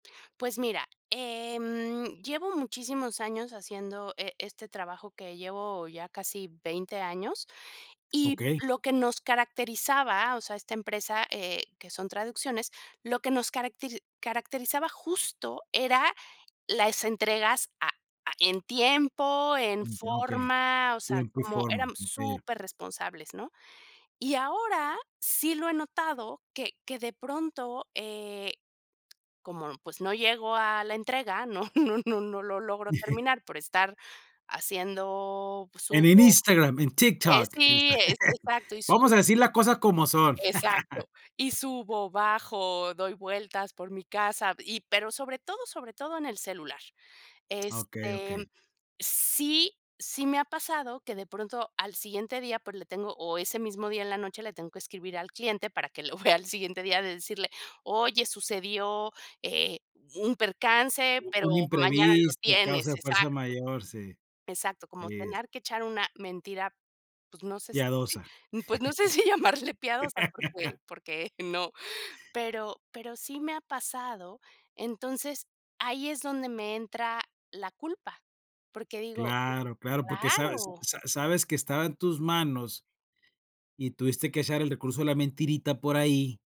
Pues, mira, em, llevo muchísimos años haciendo e este trabajo que llevo ya casi 20 años. Y Okey. lo que nos caracterizaba, o sea, esta empresa, eh, que son traducciones, lo que nos caracte caracterizaba justo era las entregas a a en tiempo, en Mm, okey. forma. O sea, Tiempo y como, forma, éramos okey. superresponsables, ¿no? Y ahora sí lo he notado que que de pronto, eh, como, pues, no llego a la entrega, no no no no lo logro terminar por estar haciendo pues, En en subo Instagram, en eh, TikTok, y esta sí, e exacto, y Vamos a subo decir la cosas como son. exacto. Y subo, bajo, doy vueltas por mi casa y pero sobre todo sobre todo en el celular. Okey, Este, mm, okey. sí sí me ha pasado que de pronto al siguiente día, por le tengo o ese mismo día en la noche le tengo que escribir al cliente para que lo vea al siguiente día de decirle: "Oye, sucedió, eh, un percance, U pero un mañana lo imprevisto, causa tienes". de fuerza Exacto. mayor, sí. Exacto, como Es tener que echar una mentira, pues, no sé, si Piadosa. m pues, no sé si llamarle piadosa porque porque no, pero pero sí me ha pasado. Entonces, ahí es donde me entra la culpa, porque digo Claro, claro, porque sabes claro sa sabes que estaba en tus manos, y tuviste que echar el recurso de la mentirita por ahí